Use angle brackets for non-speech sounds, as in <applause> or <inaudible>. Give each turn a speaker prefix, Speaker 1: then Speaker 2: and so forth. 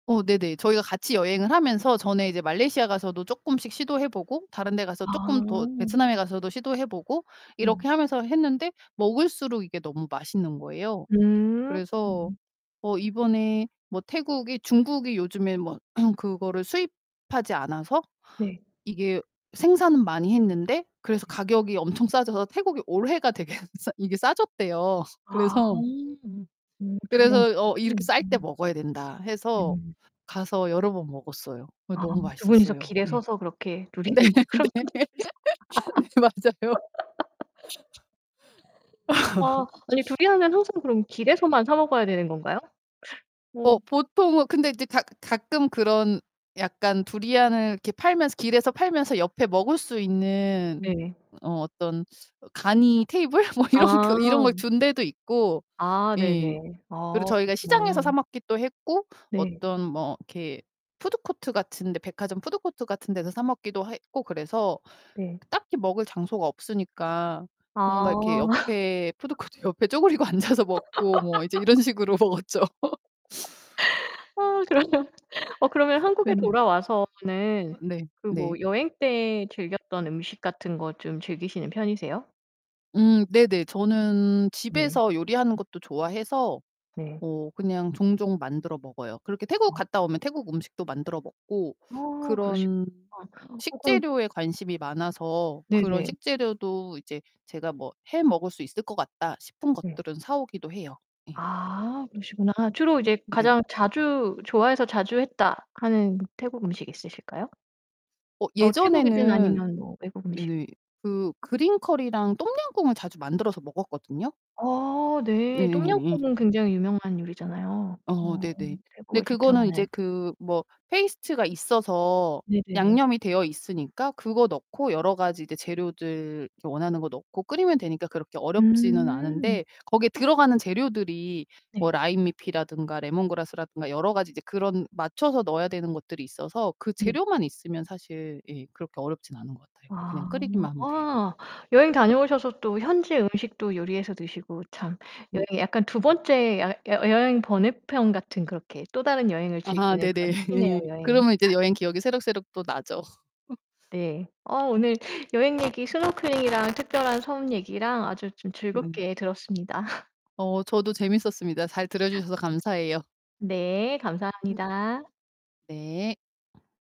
Speaker 1: 어 네네. 저희가 같이 여행을 하면서 전에 이제 말레이시아 가서도 쪼끔씩 시도해 보고 다른 데 가서 쪼끔 더
Speaker 2: 아.
Speaker 1: 베트남에 가서도 시도해 보고
Speaker 2: 음.
Speaker 1: 이렇게 하면서 했는데 먹을수록 이게 너무 맛있는 거예요.
Speaker 2: 음.
Speaker 1: 그래서 어 이번에 뭐 태국이 중국이 요즘에 뭐 <clears throat> 그거를 수입하지 않아서
Speaker 2: 네.
Speaker 1: 이게 생산은 많이 했는데 그래서
Speaker 2: 네.
Speaker 1: 가격이 엄청 싸져서 태국이 올해가 되게 싸 이게 싸졌대요.
Speaker 2: 아.
Speaker 1: 그래서
Speaker 2: 음 두리안
Speaker 1: 그래서 어 "이렇게
Speaker 2: 가격이
Speaker 1: 쌀 때
Speaker 2: 음.
Speaker 1: 먹어야 된다." 해서
Speaker 2: 음.
Speaker 1: 가서 여러 번 먹었어요. 예
Speaker 2: 아
Speaker 1: 너무
Speaker 2: 2 분이서
Speaker 1: 맛있었어요.
Speaker 2: 길에
Speaker 1: 예.
Speaker 2: 서서 그렇게
Speaker 1: 네.
Speaker 2: 두리안을 항상
Speaker 1: 네.
Speaker 2: 둘이서 <laughs>
Speaker 1: 네 맞아요.
Speaker 2: 아 아니
Speaker 1: <laughs>
Speaker 2: 두리안은 항상 그럼 길에서만 사 먹어야 되는 건가요?
Speaker 1: 어
Speaker 2: 음.
Speaker 1: 보통은 근데 이제 가 가끔 그런 약간 두리안을 이렇게 팔면서 길에서 팔면서 옆에 먹을 수 있는
Speaker 2: 네.
Speaker 1: 어 어떤 어 간이 테이블 뭐 이런 거 이런 걸
Speaker 2: 아.
Speaker 1: 둔 데도 있고
Speaker 2: 아
Speaker 1: 예.
Speaker 2: 네네.
Speaker 1: 그리고
Speaker 2: 아
Speaker 1: 저희가 시장에서 사
Speaker 2: 그렇구나.
Speaker 1: 먹기도 했고
Speaker 2: 네.
Speaker 1: 어떤 뭐 이렇게 푸드코트 같은 데 백화점 푸드코트 같은 데서 사 먹기도 했고 그래서
Speaker 2: 네.
Speaker 1: 딱히 먹을 장소가 없으니까 뭔가 이렇게
Speaker 2: 아.
Speaker 1: 옆에
Speaker 2: <laughs>
Speaker 1: 푸드코트 옆에 쪼그리고 앉아서 먹고 뭐 이제 이런
Speaker 2: <laughs>
Speaker 1: 식으로 먹었죠. <laughs>
Speaker 2: 아 그러면 어 그러면 한국에
Speaker 1: 네.
Speaker 2: 돌아와서는
Speaker 1: 어 네.
Speaker 2: 그
Speaker 1: 네.
Speaker 2: 뭐 여행 때 즐겼던 음식 같은 것 좀 즐기시는 편이세요?
Speaker 1: 음 네네. 저는
Speaker 2: 네.
Speaker 1: 집에서 요리하는 것도 좋아해서
Speaker 2: 네.
Speaker 1: 어 그냥 종종 만들어 먹어요. 그렇게 태국
Speaker 2: 아.
Speaker 1: 갔다 오면 태국 음식도 만들어 먹고
Speaker 2: 아 그러시구나.
Speaker 1: 그런
Speaker 2: 어 그런
Speaker 1: 식재료에 관심이 많아서 그런
Speaker 2: 네네.
Speaker 1: 식재료도 이제 제가 뭐 '해 먹을 수 있을 것 같다.' 싶은
Speaker 2: 네.
Speaker 1: 것들은 사 오기도 해요. 예.
Speaker 2: 아 그러시구나. 주로 이제
Speaker 1: 네.
Speaker 2: 가장 자주 '좋아해서 자주 했다.' 하는 태국 음식 있으실까요?
Speaker 1: 어
Speaker 2: 어 태국이든
Speaker 1: 예전에는
Speaker 2: 아니면 뭐 외국 음식.
Speaker 1: 네. 그 그린 커리랑 똠양꿍을 자주 만들어서 먹었거든요.
Speaker 2: 어
Speaker 1: 네.
Speaker 2: 네.
Speaker 1: 예.
Speaker 2: 똠양꿍은 굉장히 유명한 요리잖아요,
Speaker 1: 어
Speaker 2: 어
Speaker 1: 네네. 근데
Speaker 2: 태국을
Speaker 1: 그거는
Speaker 2: 대표하는.
Speaker 1: 이제 그 뭐 페이스트가 있어서
Speaker 2: 네네네.
Speaker 1: 양념이 되어 있으니까 그거 넣고 여러 가지 이제 재료들 이렇게 원하는 거 넣고 끓이면 되니까 그렇게 어렵지는
Speaker 2: 음.
Speaker 1: 않은데 거기에 들어가는 재료들이
Speaker 2: 네.
Speaker 1: 뭐 라임 잎이라든가 레몬그라스라든가 여러 가지 이제 그런 맞춰서 넣어야 되는 것들이 있어서 그
Speaker 2: 네.
Speaker 1: 재료만 있으면 사실 예 그렇게 어렵진 않은 것 같아요. 그냥
Speaker 2: 아.
Speaker 1: 끓이기만 하면 돼요.
Speaker 2: 아 여행 다녀오셔서 또 현지의 음식도 요리해서 드시고 참
Speaker 1: 음.
Speaker 2: 여행 약간 2 번째 여 여 여행 번외 편 같은 그렇게 또 다른 여행을
Speaker 1: 아
Speaker 2: 즐기는
Speaker 1: 네네.
Speaker 2: 그런 팁이네요, 여행.
Speaker 1: 그러면 이제 여행 기억이 새록새록 또
Speaker 2: <laughs>
Speaker 1: 나죠. <laughs>
Speaker 2: 네. 어 오늘 여행 얘기 스노클링이랑 특별한 섬 얘기랑 아주 좀
Speaker 1: 음.
Speaker 2: 즐겁게 들었습니다. <laughs>
Speaker 1: 어 저도 재밌었습니다. 잘 들어 주셔서 감사해요.
Speaker 2: 네.
Speaker 1: 음.
Speaker 2: 감사합니다.
Speaker 1: 네.